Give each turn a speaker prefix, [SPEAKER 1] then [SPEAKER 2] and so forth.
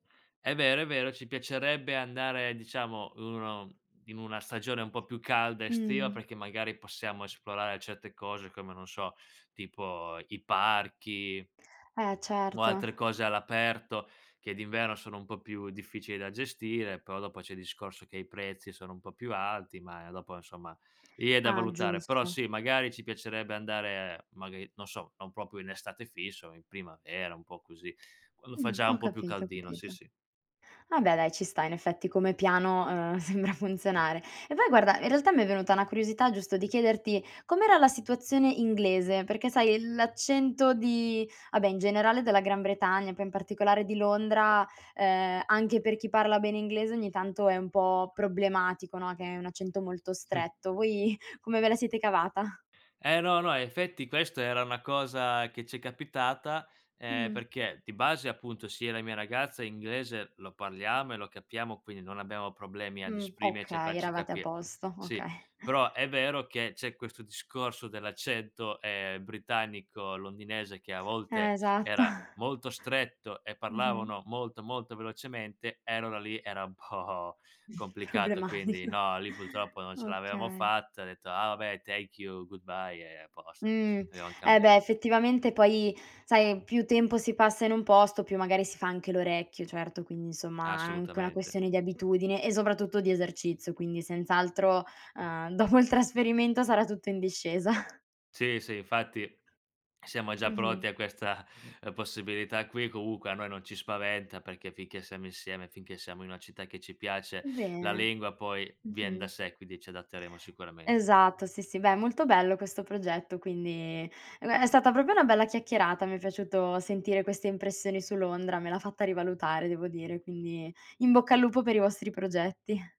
[SPEAKER 1] È vero, è vero, ci piacerebbe andare diciamo 1 in una stagione un po' più calda estiva,
[SPEAKER 2] Mh-mh.
[SPEAKER 1] perché magari possiamo esplorare certe cose, come non so, tipo i parchi
[SPEAKER 2] E
[SPEAKER 1] o
[SPEAKER 2] certo.
[SPEAKER 1] altre cose all'aperto che d'inverno sono un po' più difficili da gestire, però dopo c'è il discorso che i prezzi sono un po' più alti, ma dopo insomma, lì è da
[SPEAKER 2] Ah,
[SPEAKER 1] valutare. Però
[SPEAKER 2] giusto.
[SPEAKER 1] sì, magari ci piacerebbe andare magari, non so, non proprio in estate fisso, in primavera, un po' così. Quando fa
[SPEAKER 2] Mh,
[SPEAKER 1] già
[SPEAKER 2] ho
[SPEAKER 1] un po' più
[SPEAKER 2] capito, ho
[SPEAKER 1] caldino, sì
[SPEAKER 2] capito.
[SPEAKER 1] sì.
[SPEAKER 2] No beh dai, ci sta, in effetti come piano, uhm, sembra funzionare. E poi guarda, in realtà mi è venuta una curiosità giusto di chiederti: com'era la situazione inglese? Perché sai, l'accento di ah beh, in generale della Gran Bretagna, poi in particolare di Londra, ehm, anche per chi parla bene inglese ogni tanto è un po' problematico, no, che è un accento molto
[SPEAKER 1] Mh.
[SPEAKER 2] stretto. Voi, come ve la siete cavata?
[SPEAKER 1] E no, no, effetti questa era una cosa che ci è capitata e,
[SPEAKER 2] Mh-mh.
[SPEAKER 1] perché di base, appunto, sia la mia ragazza inglese lo parliamo e lo capiamo, quindi non abbiamo problemi ad
[SPEAKER 2] Mh,
[SPEAKER 1] esprimerci a
[SPEAKER 2] okay,
[SPEAKER 1] farci
[SPEAKER 2] eravate a
[SPEAKER 1] capire.
[SPEAKER 2] posto,
[SPEAKER 1] Sì.
[SPEAKER 2] okay.
[SPEAKER 1] Però è vero che c'è questo discorso dell'accento, ehm, britannico londinese che a volte
[SPEAKER 2] Esatto.
[SPEAKER 1] era molto stretto e
[SPEAKER 2] Mh-mh.
[SPEAKER 1] parlavano molto, molto velocemente, e allora lì era un po' complicato. Quindi
[SPEAKER 2] Problematica.
[SPEAKER 1] no, lì purtroppo non ce l'avevamo
[SPEAKER 2] Okay.
[SPEAKER 1] fatta, ho detto: "Ah, vabbè thank you, goodbye" e a posto.
[SPEAKER 2] Mhmm.
[SPEAKER 1] Avevam
[SPEAKER 2] E
[SPEAKER 1] cambia
[SPEAKER 2] beh, effettivamente poi sai più tempo si passa in un posto, più magari si fa anche l'orecchio, certo quindi insomma anca una
[SPEAKER 1] Assolutamente.
[SPEAKER 2] questione di abitudine e soprattutto di esercizio, quindi senz'altro, ehm, dopo il trasferimento sarà tutto in discesa.
[SPEAKER 1] Sì, sì, infatti siamo già
[SPEAKER 2] Mh-mh.
[SPEAKER 1] pronti a questa, ehm, possibilità qui, comunque a noi non ci spaventa, perché finché siamo insieme, finché siamo in una città che ci piace, la
[SPEAKER 2] Bene.
[SPEAKER 1] lingua poi vien da
[SPEAKER 2] Mh-mh.
[SPEAKER 1] sé, quindi ci adatteremo sicuramente.
[SPEAKER 2] Esatto, sì, sì. Beh, è molto bello questo progetto, quindi e beh, è stata proprio una bella chiacchierata. Mi è piaciuto sentire queste impressioni su Londra, me l'ha fatta rivalutare devo dire, quindi in bocca al lupo per i vostri progetti.